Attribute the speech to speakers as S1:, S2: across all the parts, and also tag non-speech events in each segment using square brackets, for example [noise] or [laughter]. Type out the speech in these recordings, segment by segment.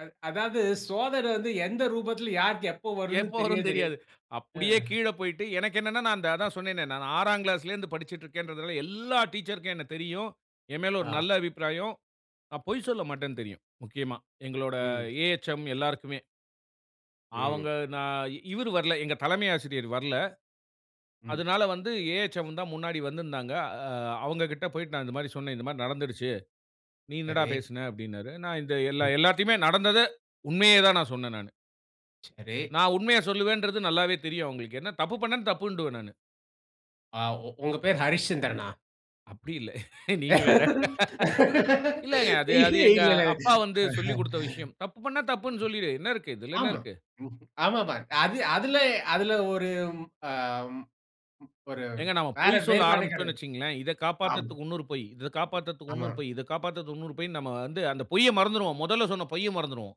S1: அ அதாவது, சோதன வந்து எந்த ரூபத்தில யாருக்கு எப்ப வரும்னு
S2: எப்போ
S1: தெரியவே
S2: வரும்னு
S1: தெரியாது.
S2: தெரியாது.
S1: ஆ.
S2: அப்படியே கீழ போய்ட்டு எனக்கு என்னன்னா, நான் அதான் சொன்னேனே, நான் 6ஆம் கிளாஸ்ல இருந்து படிச்சுக்கிட்டு இருக்கிறேன்றதுல எல்லா டீச்சர்க்கும் என்ன தெரியும். எமேல ஒரு
S1: ஆ.
S2: நல்ல அபிப்பிராயம். நான் பொய் சொல்லமாட்டேன்னு தெரியும். முக்கியமா, எங்களோட
S1: ம்.
S2: ஏஹச்ம் எல்லாருக்குமே. அவங்க
S1: ம்.
S2: நான் இவரு வரல. எங்க தலைமை ஆசிரியர் வரல
S1: ம்.
S2: அதனால வந்து ஏஹச்ம் தான் முன்னாடி வந்திருந்தாங்க. அ அவங்ககிட்ட போய்ட்டு நான் இந்த மாரி சொன்னேன். இந்த மாரி நடந்துருச்சு. நீ என்னடா
S1: சரி.
S2: பேசின அப்படினாரு. நான் இந்த எல்
S1: ம்.
S2: எல்லாத்தையுமே நடந்தத உண்மையே தான், நான் சொன்னேன் நானு.
S1: சரி.
S2: நான் உண்மைய சொல்வேன்றது நல்லாவே தெரியும் அவுங்களுக்கு. ஏன்னா தப்பு பண்ணா தப்புன்றுவேன் நானு.
S1: அ உ உங்க பேரு ஹரிச்சந்திரன்னா?
S2: அப்படி இல்ல. [laughs] நீங்க வேற. [laughs]
S1: [laughs]
S2: இல்லங்க. அது, அது
S1: இல்ல, இல்ல.
S2: "எங்கப்பா வந்து சொல்லிக் குடுத்த விஷயம்." தப்பு பண்ணா தப்புன்னு சொல்லிரு. என்ன இருக்கு. இதில என்ன
S1: ஆமா.
S2: இருக்கு.
S1: ம் ஆமாம்மா. அது அதில அதில ஒரு ஆம் ஒரு
S2: ஏங்க நாம
S1: வேற
S2: பொய் சொல்ல ஆரம்பிச்சட்டோம்னு
S1: வேறுபாடுகாரர்.
S2: வச்சுக்கோங்களேன், இத
S1: ஆமா.
S2: காப்பாத்துறதுக்கு இன்னொரு பொய். இத காப்பாத்துறதுக்கு
S1: ஆமா.
S2: இன்னொரு பொய், இத காப்பாத்துறதற்கு இன்னொரு பொய்ன்னு நம்ம வந்து, அந்த பொய்ய மறந்துருவோம். மொதல்ல சொன்ன பொய்ய மறந்துருவோம்.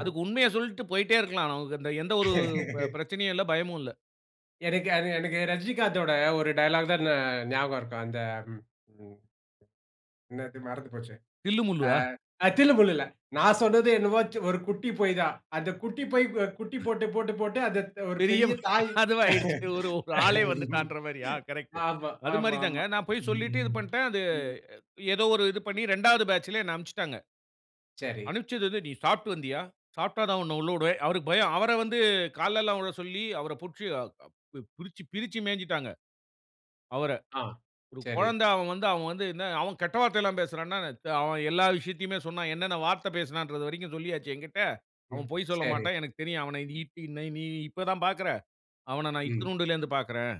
S2: அதுக்கு உண்மைய சொல்லிட்டு போய்கிட்டே இருக்கலாம். அ எந்த ஒரு ப
S1: [laughs]
S2: பிரச்சனையும் இல்ல, ப பயமும் இல்ல.
S1: எனக்கு அது எனக்கு ரஜினிகாந்தோட ஒரு டயலாக் தான் ஞா ஞாபகம் இருக்கும். அந்த என்னது மறந்து போச்சு
S2: தில்லு முல்லு
S1: ஆ
S2: ஆ?
S1: அ தில்லுமுல்லுல. நான் சொன்னது என்னமோ ஒரு குட்டி பொய் தான். அந்த குட்டி பொய் குட்டி போட்டு போட்டு போட்டு அது ஒரு
S2: பெரிய
S1: பெரிய தாய்.
S2: அதுவாகிடுச்சு. ஒரு ஆளே
S1: [laughs]
S2: வந்துட்டான்ற மாரியா கரெக்ட்.
S1: ஆமா,
S2: அது மாரி தாங்க
S1: ஆமாம்மா.
S2: நான் போய் சொல்லீட்டு இது
S1: ம்.
S2: பண்ட. அது
S1: ம்.
S2: ஏதோ ஒரு இது பண்ணி 2ஆவது பேட்ச்ல என்ன அனுப்பிச்சுட்டாங்க.
S1: சரி.
S2: அனுப்பிச்சது வந்து நீ சாப்பிட்டு வந்தியா? சாப்பிட்டா தான் உன்ன உள்ள உடுவேன். அவருக்கு பயம். அவர வந்து கால்லல்லா விழ சொல்லி அவர புடிச்சு பிரிச்சு, பிரிச்சு மேய்ஞ்சுட்டாங்க. அவர,
S1: ஆ.
S2: ஒரு
S1: சரி.
S2: கொழந்த அவன் வந்து, அவன் வந்து அவன் கெட்ட வார்த்தயெல்லாம் பேசுறான்னா, அவன் எல்லா விஷயத்தையுமே சொன்னான். என்னென்ன வார்த்த பேசுனான்ற வரைக்கு சொல்லியாச்சு எங்கிட்ட.
S1: ம்.
S2: அவன் பொய்
S1: சரி.
S2: சொல்லமாட்டான். எனக்குத் தெரியும். அவன இ பி ந நீ இப்ப தான் பார்க்குற. அவன நான்
S1: ம்.
S2: இத்துனூண்டுல இருந்து பார்க்றேன்.